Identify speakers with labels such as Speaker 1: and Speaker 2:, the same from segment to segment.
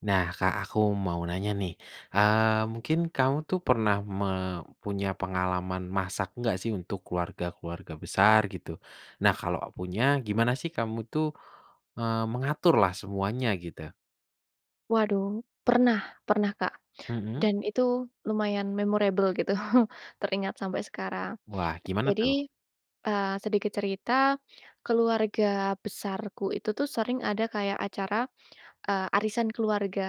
Speaker 1: Nah, Kak, aku mau nanya nih, eee, mungkin kamu tuh pernah me punya pengalaman masak nggak sih untuk keluarga-keluarga besar gitu? Nah, kalo punya gimana sih kamu tuh, eee, mengaturlah semuanya gitu?
Speaker 2: Waduh, pernah pernah, Kak.
Speaker 1: Mhm.
Speaker 2: Dan itu lumayan memorable gitu, teringat sampe sekarang.
Speaker 1: Wah, gimana tuh?
Speaker 2: Jadi, eee, sedikit cerita, keluarga besarku itu tuh sering ada kayak acara, eee, arisan keluarga.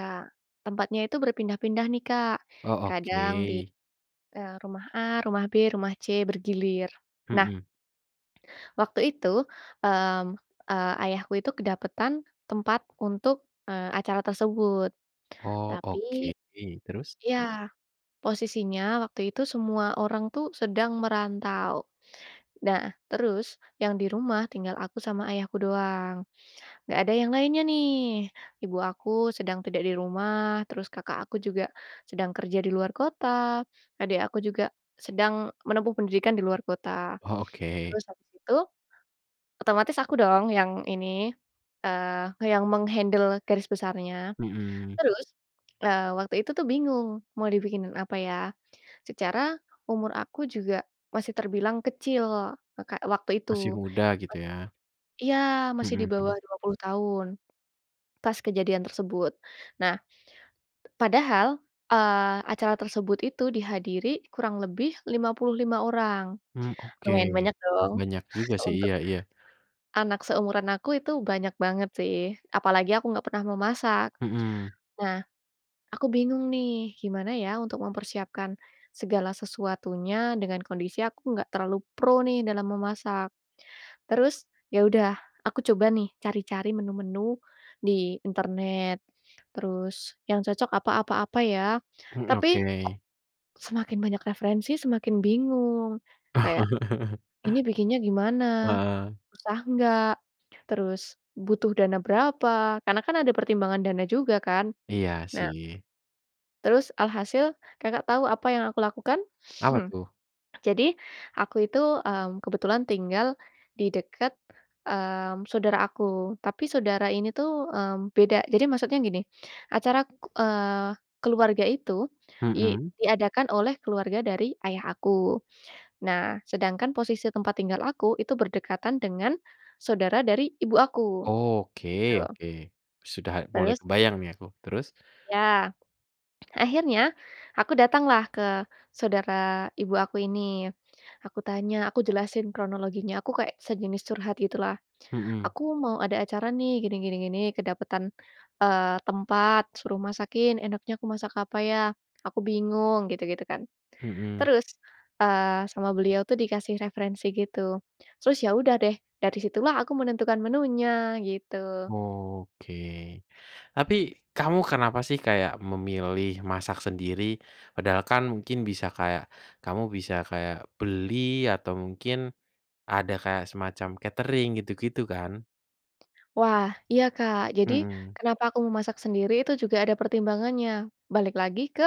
Speaker 2: Tempatnya itu berpindah-pindah nih, Kak,
Speaker 1: Oh,
Speaker 2: kadang di,
Speaker 1: oke.
Speaker 2: eee, rumah A, rumah B, rumah C bergilir. Nah
Speaker 1: Mhm.
Speaker 2: waktu itu, mmm, eee, ayahku itu kedapetan tempat untuk, eee, acara tersebut.
Speaker 1: Oh,
Speaker 2: Tapi
Speaker 1: oke. Terus?
Speaker 2: iya, posisinya waktu itu semua orang tuh sedang merantau. Nah, terus yang di rumah tinggal aku sama ayahku doang. Nggak ada yang lainnya nih. Ibu aku sedang tidak di rumah, terus kakak aku juga sedang kerja di luar kota, adik aku juga sedang menempuh pendidikan di luar kota.
Speaker 1: Oh, oke.
Speaker 2: Terus habis itu, otomatis aku dong yang ini, eee, nge yang meng-handle garis besarnya.
Speaker 1: Mhm.
Speaker 2: Terus, eee, waktu itu tuh bingung mau dibikinin apa ya, secara umur aku juga masih terbilang kecil, e Kak, waktu itu.
Speaker 1: Masih muda, gitu
Speaker 2: Mas
Speaker 1: ya?
Speaker 2: iya, masih di
Speaker 1: Mhm,
Speaker 2: bawah
Speaker 1: hmm.
Speaker 2: 20 tahun pas kejadian tersebut. Nah, p padahal, eee, acara tersebut itu dihadiri kurang lebih 55 orang.
Speaker 1: Hmm, oke
Speaker 2: Lumayan banyak
Speaker 1: m
Speaker 2: dong.
Speaker 1: banyak juga sih.
Speaker 2: Untuk
Speaker 1: Iya iya.
Speaker 2: anak seumuran aku itu banyak banget sih. Apalagi aku enggak pernah memasak.
Speaker 1: Mhm.
Speaker 2: Nah, aku bingung nih, gimana ya untuk mempersiapkan segala sesuatunya, dengan kondisi aku nggak terlalu pro nih dalam memasak. Terus, ya udah aku coba nih cari-cari menu-menu di internet. Terus yang cocok apa apa apa ya?
Speaker 1: Hmm,
Speaker 2: Tapi,
Speaker 1: oke.
Speaker 2: semakin banyak referensi semakin bingung. Kayak ini bikinnya gimana?
Speaker 1: Heeh.
Speaker 2: Susah nggak? Terus butuh dana berapa? Karena kan ada pertimbangan dana juga kan?
Speaker 1: Iya
Speaker 2: Nah
Speaker 1: sih.
Speaker 2: Terus alhasil Kakak tau apa yang aku lakukan?
Speaker 1: Apa
Speaker 2: Hmm.
Speaker 1: tuh?
Speaker 2: Jadi aku itu, mmm, kebetulan tinggal di deket, mmm, saudara aku. Tapi saudara ini tuh, mmm, beda. Jadi maksudnya gini, acara, eee, keluarga itu di
Speaker 1: Mhm.
Speaker 2: diadakan oleh keluarga dari ayah aku. Nah, sedangkan posisi tempat tinggal aku, itu berdekatan dengan saudara dari ibu aku.
Speaker 1: Oke
Speaker 2: Gitu.
Speaker 1: oke. Sudah mulai
Speaker 2: Terus
Speaker 1: kebayang nih aku, terus?
Speaker 2: Ya. Akhirnya, aku datanglah ke saudara ibu aku ini. Aku tanya aku jelasin kronologinya, aku kayak sejenis curhat gitulah,
Speaker 1: Mhm.
Speaker 2: "Aku mau ada acara nih gini, gini, gini, kedapetan, eee, tempat, suruh masakin, enaknya aku masak apa ya? Aku bingung." Gitu-gitu kan.
Speaker 1: Mhm.
Speaker 2: Terus, eee, sama beliau tuh dikasih referensi gitu. Terus ya udah deh, dari situlah aku menentukan menunya, gitu.
Speaker 1: Oke. Tapi kamu kenapa sih kayak memilih masak sendiri? Padahal kan mungkin bisa kayak kamu bisa kayak beli atau mungkin ada kayak semacam Katering gitu-gitu kan.
Speaker 2: Wah, iya Kak. Jadi
Speaker 1: Mhm.
Speaker 2: kenapa aku memasak sendiri itu juga ada pertimbangannya. Balik lagi ke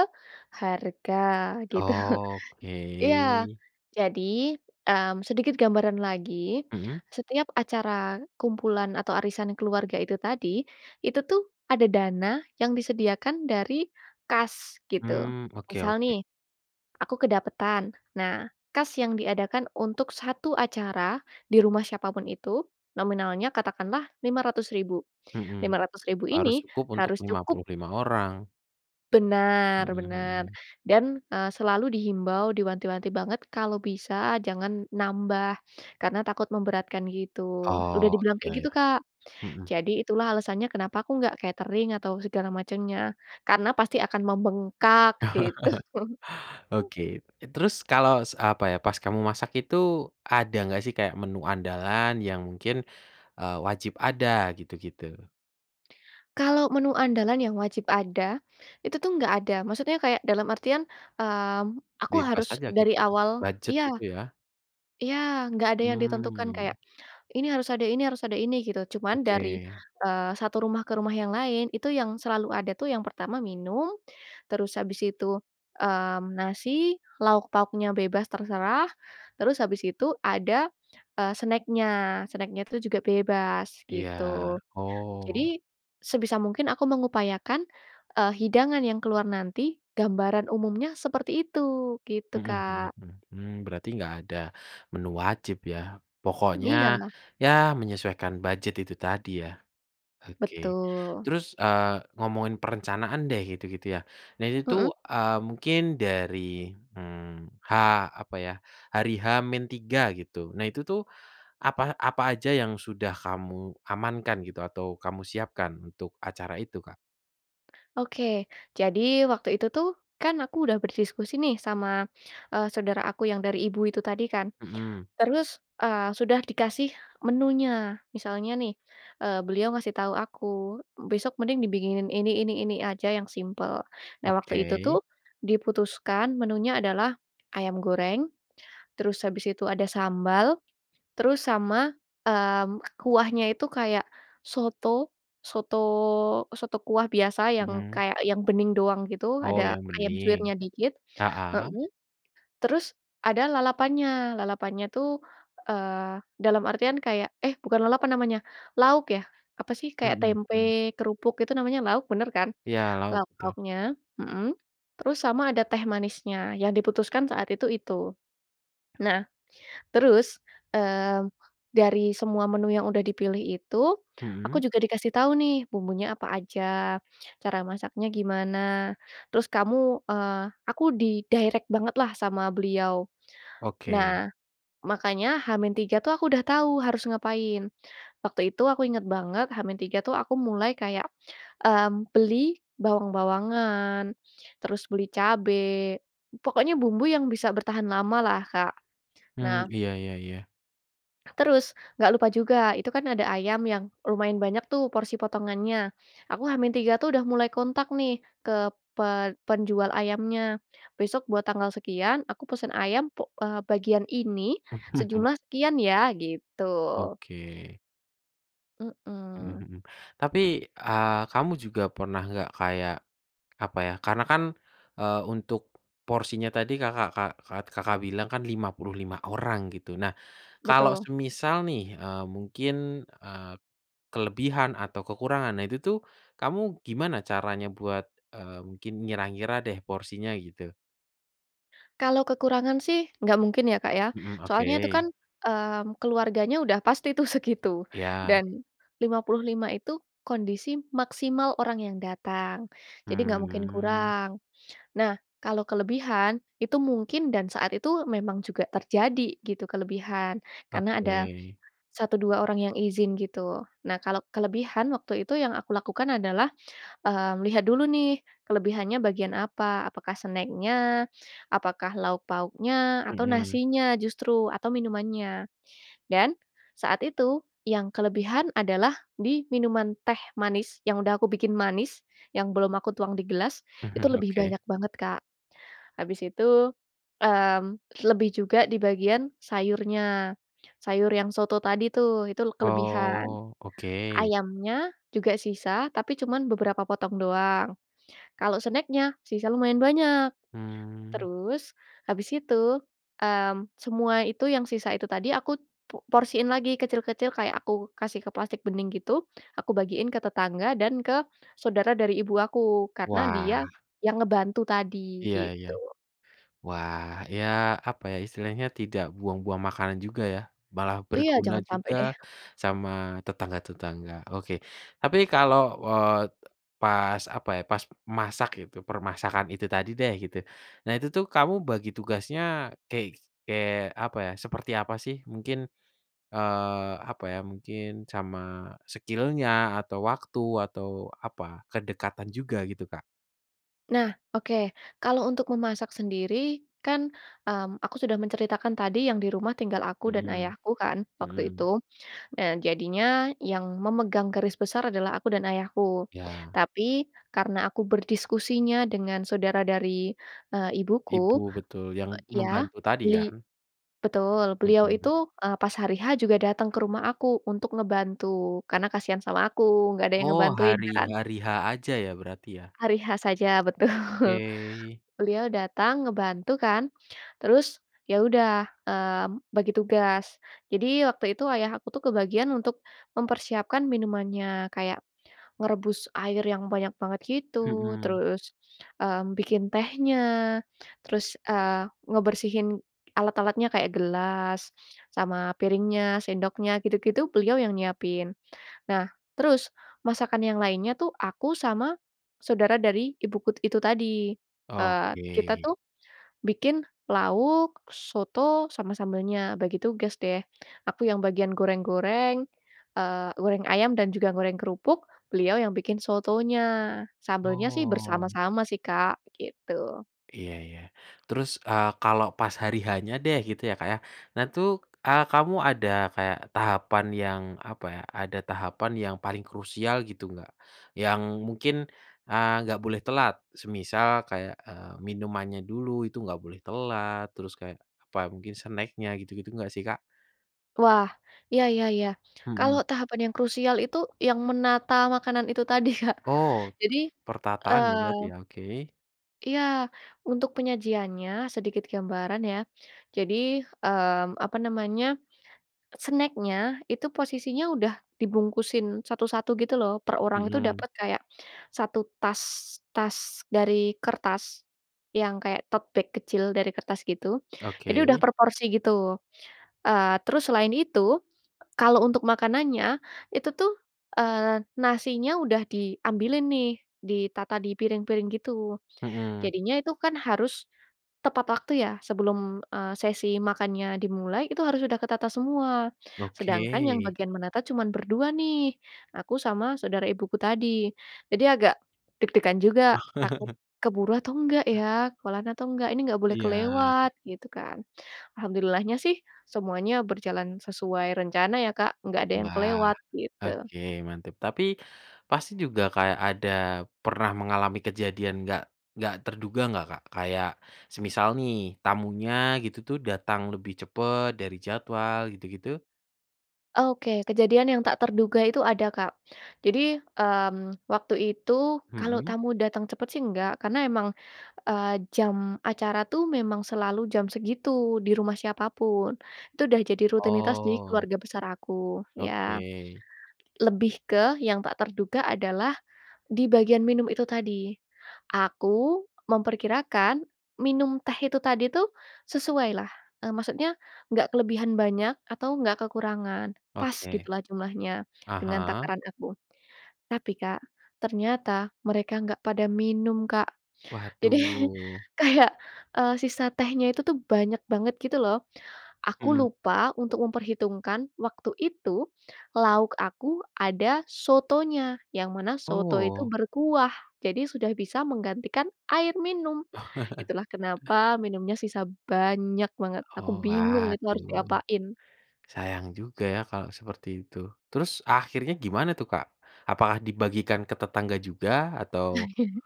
Speaker 2: harga, gitu.
Speaker 1: Oke.
Speaker 2: Iya jadi, mmm, sedikit gambaran lagi,
Speaker 1: Mhm.
Speaker 2: setiap acara kumpulan atau arisan keluarga itu tadi, itu tuh ada dana yang disediakan dari kas, gitu.
Speaker 1: Mmm oke
Speaker 2: Misal
Speaker 1: oke.
Speaker 2: nih, aku kedapetan. Nah, kas yang diadakan untuk satu acara di rumah siapa pun itu, nominalnya katakanlah Rp500.000. lima
Speaker 1: Mhm.
Speaker 2: ratus ribu
Speaker 1: Harus
Speaker 2: ini
Speaker 1: cukup untuk
Speaker 2: harus
Speaker 1: lima
Speaker 2: cukup
Speaker 1: puluh lima orang.
Speaker 2: Benar
Speaker 1: Mhm,
Speaker 2: benar.
Speaker 1: hmm.
Speaker 2: Dan, eee, selalu dihimbau, diwanti-wanti banget. Kalau bisa, jangan nambah, karena takut memberatkan, gitu. Sudah
Speaker 1: Oh
Speaker 2: dibilang
Speaker 1: iya
Speaker 2: kayak gitu,
Speaker 1: ya.
Speaker 2: Kak.
Speaker 1: Mhm.
Speaker 2: Jadi itulah alasannya kenapa aku nggak katering atau segala macamnya. Karena pasti akan membengkak gitu.
Speaker 1: Oke. Terus kalau s apa ya, pas kamu masak itu, ada enggak sih kayak menu andalan yang mungkin, eee, wajib ada gitu-gitu?
Speaker 2: Kalau menu andalan yang wajib ada, itu tuh enggak ada. Maksudnya kayak dalam artian, mmm, aku
Speaker 1: Bebas
Speaker 2: harus
Speaker 1: aja gitu
Speaker 2: dari
Speaker 1: ya,
Speaker 2: awal
Speaker 1: bujet
Speaker 2: iya.
Speaker 1: itu ya.
Speaker 2: Iya, nggak ada yang ditentukan kayak
Speaker 1: Mmm.
Speaker 2: ini harus ada ini harus ada ini, gitu. Cuma dari,
Speaker 1: Oke.
Speaker 2: eee, satu rumah ke rumah yang lain, itu yang selalu ada tuh, yang pertama minum, terus habis itu, mmm, nasi, lauk-pauknya bebas, terserah. Terus habis itu ada, eee, snack-nya. Snack-nya itu juga bebas
Speaker 1: Iya,
Speaker 2: gitu.
Speaker 1: oh.
Speaker 2: Jadi sebisa mungkin aku mengupayakan, eee, hidangan yang keluar nanti, gambaran umumnya seperti itu, gitu
Speaker 1: Mhm mhm
Speaker 2: Kak.
Speaker 1: mhm, hmm berarti nggak ada menu wajib ya, pokoknya
Speaker 2: Iya.
Speaker 1: ya menyesuaikan bujet itu tadi ya. Oke.
Speaker 2: Betul.
Speaker 1: Terus, eee, ngomongin perencanaan deh gitu-gitu ya, nah ini
Speaker 2: Mhm.
Speaker 1: tuh, eee, mungkin dari, mmm, H apa ya, hari H-3 gitu nah itu tuh apa apa aja yang sudah kamu amankan gitu, atau kamu siapkan untuk acara itu Kak?
Speaker 2: Oke, jadi waktu itu tuh, kan aku udah berdiskusi nih sama, eee, saudara aku yang dari Ibu itu tadi kan.
Speaker 1: Mhm.
Speaker 2: Terus, eee, sudah dikasih menunya, misalnya nih, eee, beliau ngasih tahu aku, besok mending dibikinin ini, ini, ini aja yang simpel. Nah waktu itu
Speaker 1: Oke.
Speaker 2: tuh diputuskan menunya adalah ayam goreng, terus habis itu ada sambal, terus sama, mmm, kuahnya itu kayak soto, soto soto kuah biasa yang
Speaker 1: Mhm.
Speaker 2: kayak yang bening doang gitu,
Speaker 1: Oh
Speaker 2: ada
Speaker 1: yang
Speaker 2: ayam
Speaker 1: bening.
Speaker 2: suwirnya dikit.
Speaker 1: Heeh.
Speaker 2: Mhm. Terus ada lalapannya. Lalapannya tuh, eee, dalam artian kayak eh bukan lalapan namanya, lauk ya? Apa sih? Kayak
Speaker 1: Mhm, mmm.
Speaker 2: tempe kerupuk itu namanya lauk, bener kan?
Speaker 1: Iya lauk tuh.
Speaker 2: Lauk-lauknya, mhm, terus sama ada teh manisnya, yang diputuskan saat itu, itu. Nah terus, eee, dari semua menu yang udah dipilih itu, aku
Speaker 1: Mhm.
Speaker 2: juga dikasih tahu nih bumbunya apa aja, cara masaknya gimana, terus kamu, eee, aku di-direct bangetlah sama beliau.
Speaker 1: Oke.
Speaker 2: Nah, makanya H-3 tuh aku udah tahu harus ngapain. Waktu itu aku ingat banget H-3 itu aku mulai kayak, mmm, beli bawang-bawangan, terus beli cabe, pokoknya bumbu yang bisa bertahan lamalah, Kak.
Speaker 1: Mhm
Speaker 2: Nah
Speaker 1: iya iya iya.
Speaker 2: Terus, nggak lupa juga, itu kan ada ayam yang lumayan banyak tuh porsi potongannya. Aku H-3 tuh udah mulai kontak nih ke pe penjual ayamnya. Besok buat tanggal sekian, aku pesan ayam puk eee, bagian ini sejumlah sekian ya, gitu.
Speaker 1: Oke. Mhm
Speaker 2: Mhm.
Speaker 1: mhm, tapi, eee, kamu juga pernah nggak kayak apa ya, karena kan, eee, untuk porsinya tadi Kakak Kak Kak Kakak bilang kan 55 orang gitu. Nah, kalau
Speaker 2: Betul.
Speaker 1: semisal nih, eee, mungkin, eee, kelebihan atau kekurangan, nah itu tuh kamu gimana caranya buat, eee, mungkin ngira-ngira deh porsinya gitu?
Speaker 2: Kalau kekurangan sih enggak mungkin ya Kak, ya.
Speaker 1: Mhm,
Speaker 2: Soalnya itu kan,
Speaker 1: oke.
Speaker 2: mmm, keluarganya udah pasti tuh segitu,
Speaker 1: Iya.
Speaker 2: dan 55 itu kondisi maksimal orang yang datang. Jadi nggak mungkin
Speaker 1: Hmm.
Speaker 2: kurang. Nah, kalau kelebihan, itu mungkin dan saat itu memang juga terjadi, gitu kelebihan. Karena
Speaker 1: Oke.
Speaker 2: ada 1, 2 orang yang izin gitu. Nah, kalau kelebihan, waktu itu yang aku lakukan adalah, mmm, lihat dulu nih kelebihannya bagian apa, apakah snack-nya? Apakah lauk-pauknya? Atau
Speaker 1: Mhm.
Speaker 2: nasinya justru? Atau minumannya? Dan saat itu, yang kelebihan adalah di minuman teh manis yang udah aku bikin manis, yang belum aku tuang di gelas, itu
Speaker 1: Mhm.
Speaker 2: lebih
Speaker 1: Oke.
Speaker 2: banyak banget Kak. Habis itu, mmm, lebih juga di bagian sayurnya. Sayur yang soto tadi tuh, itu kelebihan.
Speaker 1: Oh, oke.
Speaker 2: Ayamnya juga sisa, tapi cuman beberapa potong doang. Kalau snack-nya, sisa lumayan banyak.
Speaker 1: Hmm.
Speaker 2: Terus habis itu, mmm, semua itu yang sisa itu tadi, aku po porsiin lagi kecil-kecil. Kayak aku kasih ke plastik bening gitu, aku bagiin ke tetangga dan ke saudara dari ibu aku. Karena dia
Speaker 1: Wah.
Speaker 2: yang ngebantu tadi
Speaker 1: Iya iya.
Speaker 2: gitu.
Speaker 1: Wah iya, apa ya, istilahnya tidak buang-buang makanan juga ya, malah
Speaker 2: Iya,
Speaker 1: berguna
Speaker 2: jangan sampai
Speaker 1: juga
Speaker 2: deh.
Speaker 1: sama tetangga-tetangga, oke. Tapi kalau, eee, pas apa ya pas masak itu, permasakkan itu tadi deh gitu. Nah itu tuh kamu bagi tugasnya kek kek apa ya, seperti apa sih mungkin? Eee, apa ya mungkin sama skill-nya, atau waktu, atau apa, kedekatan juga gitu Kak?
Speaker 2: Nah, oke. Kalau untuk memasak sendiri, kan, mmm, aku sudah menceritakan tadi yang di rumah tinggal aku dan
Speaker 1: Mhm.
Speaker 2: ayahku, kan, waktu itu.
Speaker 1: Mhm.
Speaker 2: Eee, jadinya yang memegang garis besar adalah aku dan ayahku.
Speaker 1: Ya.
Speaker 2: Tapi, karena aku berdiskusinya dengan saudara dari, eee,
Speaker 1: Ibu,
Speaker 2: ibuku,
Speaker 1: betul, yang
Speaker 2: pe ya,
Speaker 1: membantu tadi
Speaker 2: beli
Speaker 1: kan?
Speaker 2: betul, beliau itu,
Speaker 1: Mhm.
Speaker 2: eee, pas hari H juga datang ke rumah aku untuk ngebantu. Karena kasihan sama aku, enggak ada yang
Speaker 1: Oh
Speaker 2: ngebantuin
Speaker 1: hari
Speaker 2: kan.
Speaker 1: hari H aja ya berarti ya.
Speaker 2: Hari H saja, betul.
Speaker 1: Oke.
Speaker 2: Beliau datang ngebantu kan. Terus, ya udah, mmm, bagi tugas. Jadi waktu itu ayah aku kebagian untuk mempersiapkan minumannya. Kayak merebus air yang banyak banget gitu,
Speaker 1: Mhm.
Speaker 2: terus, mmm, bikin tehnya, terus, eee, ngebersihin alat-alatnya kayak gelas, sama piringnya, sendoknya, gitu-gitu, beliau yang nyiapin. Nah terus masakan yang lainnya tuh aku sama saudara dari ibuku itu tadi. Eee, kita
Speaker 1: Oke.
Speaker 2: tuh bikin lauk, soto, sama sambelnya. Bagi tugas deh. Aku yang bagian goreng-goreng, eee, goreng ayam dan juga goreng kerupuk, beliau yang bikin sotonya. Sambelnya sih
Speaker 1: Wow.
Speaker 2: bersama-sama sih Kak, begitu.
Speaker 1: Iya iya. Terus, eee, kalau pas hari H-nya deh gitu ya Kak ya, nah tuh, eee, kamu ada kayak tahapan yang apa ya, ada tahapan yang paling krusial gitu nggak? Yang mungkin, eee, nggak boleh telat, semisal kayak, eee, minumannya dulu itu nggak boleh telat, terus kayak apa, mungkin snack-nya gitu-gitu nggak sih Kak?
Speaker 2: Wah! Iya iya iya, kalo
Speaker 1: Mhm.
Speaker 2: tahapan yang krusial itu yang menata makanan itu tadi, Kak.
Speaker 1: Oh,
Speaker 2: Jadi,
Speaker 1: pertataan ya berarti
Speaker 2: eee
Speaker 1: ya. Oke.
Speaker 2: Iya. Untuk penyajiannya, sedikit gambaran ya. Jadi, mmm, apa namanya, snack-nya, itu posisinya udah dibungkusin satu-satu gitu loh. Per orang itu
Speaker 1: Mhm.
Speaker 2: dapet kayak 1 tas, tas dari kertas yang kayak tote bag kecil dari kertas gitu. Jadi udah
Speaker 1: Oke.
Speaker 2: per porsi gitu, eee, terus selain itu, kalo untuk makanannya, itu tuh, eee, nasinya udah diambilin nih, ditata di piring-piring gitu.
Speaker 1: Mhm.
Speaker 2: Jadinya itu kan harus tepat waktu ya, sebelum, eee, sesi makannya dimulai, itu harus sudah ketata semua.
Speaker 1: Oke.
Speaker 2: Sedangkan yang bagian menata cuman berdua nih, aku sama saudara ibuku tadi. Jadi agak deg-degan juga,
Speaker 1: Oh.
Speaker 2: takut keburu atau nggak ya? Kelar atau nggak? Ini nggak boleh
Speaker 1: Iya.
Speaker 2: kelewat, gitu kan. Alhamdulillahnya sih semuanya berjalan sesuai rencana ya Kak, nggak ada yang
Speaker 1: Wah,
Speaker 2: kelewat gitu.
Speaker 1: oke mantep. Tapi pasti juga kayak ada pernah mengalami kejadian nggak nggak terduga nggak, Kak? Kayak semisal nih, tamunya gitu tuh datang lebih cepet dari jadwal gitu-gitu?
Speaker 2: Oke, kejadian yang tak terduga itu ada Kak. Jadi, mmm, waktu itu, kalau
Speaker 1: Mhm.
Speaker 2: tamu datang cepat sih nggak. Karena emang, eee, jam acara tuh memang selalu jam segitu, di rumah siapa pun. Itu dah jadi rutinitas di
Speaker 1: Oh.
Speaker 2: keluarga besar aku, ya.
Speaker 1: Oke.
Speaker 2: Lebih ke yang tak terduga adalah di bagian minum itu tadi. Aku memperkirakan minum teh itu tadi tuh sesuailah. Eee, maksudnya, nggak kelebihan banyak atau enggak kekurangan. Pas
Speaker 1: Oke.
Speaker 2: gitulah jumlahnya
Speaker 1: Ah
Speaker 2: dengan
Speaker 1: hah.
Speaker 2: takaran aku. Tapi Kak, ternyata mereka nggak pada minum Kak. Jadi
Speaker 1: Waduh.
Speaker 2: kayak, eee, sisa tehnya itu tuh banyak banget gitu loh. Aku
Speaker 1: Mhm.
Speaker 2: lupa untuk memperhitungkan waktu itu, lauk aku ada sotonya, yang mana soto itu
Speaker 1: Oh.
Speaker 2: berkuah, jadi sudah bisa menggantikan air minum.
Speaker 1: Oh.
Speaker 2: Itulah kenapa minumnya sisa banyak banget. Aku
Speaker 1: Oh,
Speaker 2: bingung itu harus
Speaker 1: waduh.
Speaker 2: diapain.
Speaker 1: Sayang juga ya kalo seperti itu. Terus akhirnya gimana tuh Kak? Apakah dibagikan ke tetangga juga atau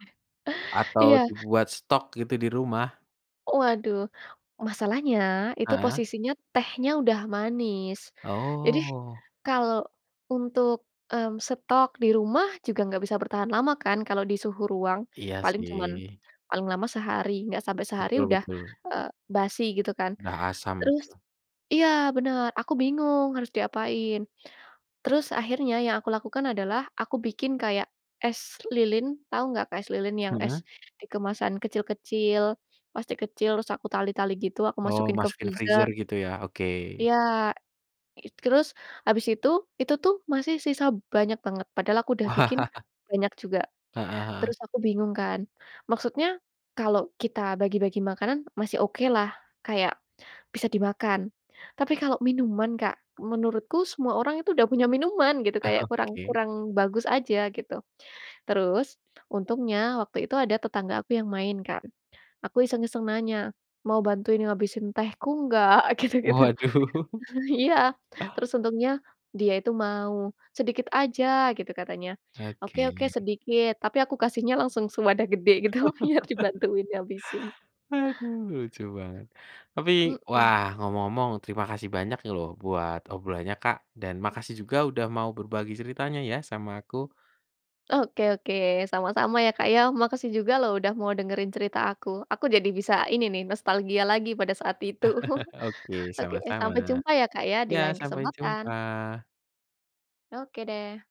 Speaker 1: atau
Speaker 2: Iya.
Speaker 1: dibuat stok gitu di rumah?
Speaker 2: Waduh, masalahnya itu
Speaker 1: Heeh.
Speaker 2: posisinya tehnya udah manis. Jadi,
Speaker 1: Oh.
Speaker 2: kalo untuk, mmm, stok di rumah juga nggak bisa bertahan lama kan kalau di suhu ruang,
Speaker 1: Iya
Speaker 2: paling cuman,
Speaker 1: sih.
Speaker 2: paling lama sehari. Nggak sampai sehari
Speaker 1: Betul
Speaker 2: udah,
Speaker 1: betul.
Speaker 2: eee, basi gitu kan.
Speaker 1: Dah asam,
Speaker 2: Terus
Speaker 1: betul.
Speaker 2: iya, bener, aku bingung harus diapain. Terus akhirnya yang aku lakukan adalah aku bikin kayak es lilin, tau nggak Kak, es lilin yang es
Speaker 1: Mhm.
Speaker 2: di kemasan kecil-kecil, plastik kecil, terus aku tali-tali gitu, aku
Speaker 1: Oh,
Speaker 2: masukin ke
Speaker 1: masukin freezer
Speaker 2: freezer.
Speaker 1: gitu ya, oke.
Speaker 2: Iya. It terus habis itu, itu tuh masih sisa banyak banget, padahal aku udah bikin
Speaker 1: Wah.
Speaker 2: banyak juga.
Speaker 1: Heeh heeh.
Speaker 2: Terus aku bingung kan. Maksudnya kalo kita bagi-bagi makanan, masih okelah, kayak bisa dimakan. Tapi kalo minuman, Kak, menurutku semua orang itu dah punya minuman gitu, kayak kurang
Speaker 1: Oke.
Speaker 2: kurang bagus aja gitu. Terus, untungnya waktu itu ada tetangga aku yang main kan. Aku iseng-iseng nanya, "Mau bantuin ngabisin tehku nggak?" Gitu gitu.
Speaker 1: Waduh.
Speaker 2: Iya. Terus untungnya dia itu mau, "Sedikit aja." Gitu katanya. "Oke oke,
Speaker 1: Oke.
Speaker 2: sedikit." Tapi aku kasihnya langsung sewadah gede gitu biar dibantuin ngabisin.
Speaker 1: Aduh, lucu banget. Tapi, wah,
Speaker 2: Mhm.
Speaker 1: ngomong-ngomong terima kasih banyak loh buat obrolannya Kak, dan makasih juga udah mau berbagi ceritanya ya sama aku.
Speaker 2: Oke oke, sama-sama ya, Kak, ya. Makasih juga lho udah mau dengerin cerita aku. Aku jadi bisa ini nih, nostalgia lagi pada saat itu.
Speaker 1: Oke,
Speaker 2: Oke, sampai
Speaker 1: sama-sama.
Speaker 2: jumpa ya, Kak, ya, di
Speaker 1: Ya,
Speaker 2: lain
Speaker 1: sampai
Speaker 2: kesempatan.
Speaker 1: jumpa.
Speaker 2: Oke deh.